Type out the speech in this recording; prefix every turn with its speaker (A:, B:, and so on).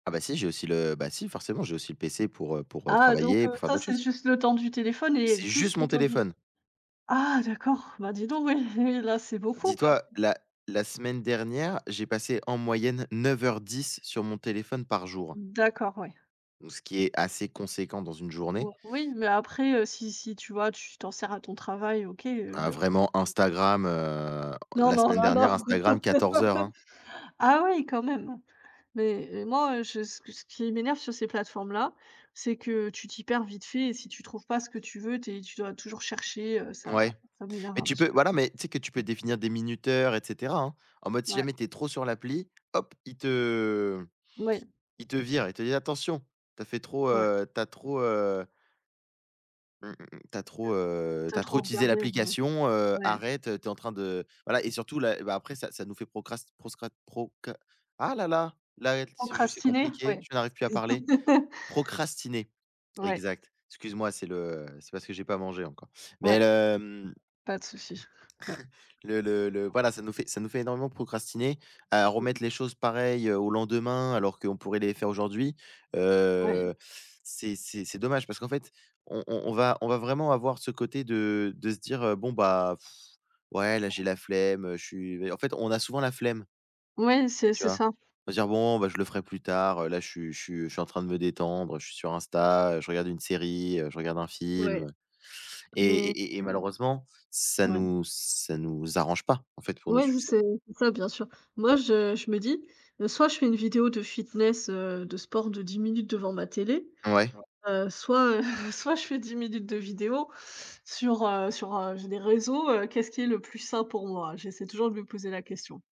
A: Ah, bah, si j'ai aussi le bah, si, forcément, j'ai aussi le PC pour, heu, pour, heu,
B: Ah donc
A: travailler,
B: heu,
A: pour faire
B: ça,
A: d'autres
B: c'est
A: choses.
B: juste le temps du téléphone et
A: C'est
B: plus,
A: juste
B: le
A: mon
B: temps du
A: téléphone.
B: ah, d'accord! Bah, dis donc oui, oui, là, c'est beaucoup, quand
A: Dis-toi,
B: même.
A: la la semaine dernière, j'ai passé en moyenne 9 heures 10 sur mon téléphone par jour.
B: D'accord, ouais.
A: Donc ce qui est assez conséquent dans une journée.
B: O oui mais après, heu, si si tu vois, tu t'en sers à ton travail, OK,
A: Bah,
B: heu
A: vraiment,
B: [unintelligible]
A: Instagram, heu,
B: Non,
A: la
B: non,
A: semaine
B: là, non,
A: dernière, Instagram,
B: non.
A: 14 heures, hein!
B: Ah, oui, quand même! Mais et moi, heu, je ce qui ce qui m'énerve sur ces plateformes-là, c'est que tu t'y perds vite fait et si tu trouves pas ce que tu veux, tu es tu dois toujours chercher, heu, ça
A: Ouais.
B: ça m'énerve
A: Mais
B: un
A: tu
B: petit
A: peux
B: peu.
A: voilà mais tu sais que tu peux définir des minuteurs et cetera, hein, en mode, si
B: Ouais.
A: jamais tu es trop sur l'appli, hop, il te
B: Oui.
A: il te vire, il te dit: «Attention! Tu as fait trop,
B: Ouais.
A: heu, tu as trop, heu» «mmh mh, mmh. Tu as
B: Mmh.
A: trop, heu,
B: Tu
A: tu
B: as
A: as trop
B: trop
A: utilisé
B: regardé. Ouais, ouais.
A: l'application, heu,
B: Ouais.
A: arrête, tu es en train de», voilà et surtout, là et bah, après ça ça nous fait procrast proscra proca ah, là, là! Là et c'est juste, c'est
B: Procrastiner?
A: compliqué,
B: Ouais.
A: je n'arrive plus à parler. Procrastiner,
B: Ouais.
A: exact. Excuse-moi, c'est le c'est parce que j'ai pas mangé encore. Mais
B: Ouais.
A: le, mmh
B: Pas de souci, ouais.
A: le le le voilà, ça nous fait ça nous fait énormément procrastiner, à
B: Oui.
A: remettre les choses, pareil, heu, au lendemain alors qu'on pourrait les faire aujourd'hui.
B: Oui.
A: Heu, c'est c'est c'est dommage parce qu'en fait, on on on va on va vraiment avoir ce côté de de se dire: «Heu, bon, bah, ouais, là, j'ai la
B: [unintelligible]
A: flemme, heu, je suis», heu, en fait, on a souvent la flemme
B: Ouais, c'est
A: tu
B: c'est
A: vois?
B: ça.
A: On va se dire: «Bon, bah, je le ferai plus tard, heu, là, je suis je suis je suis en train de me détendre. Heu, je suis sur Insta, je regarde une série, heu, je regarde un
B: Ouais
A: film» et
B: mais
A: et et et
B: mmh.
A: malheureusement, ça
B: Ouais.
A: nous ça nous arrange pas, en fait, pour nos
B: Ouais,
A: succès.
B: c'est ça, bien sûr. Moi, je je me dis, heu: «Soit je fais une vidéo de fitness, heu, de sport de 10 minutes devant ma télé,
A: Ouais.
B: heu, soit, heu, soit, je fais 10 minutes de vidéo sur, heu, sur heu, j'ai des réseaux, heu, qu'est-ce qui est le plus sain pour moi?» j'essaie toujours de me poser la question.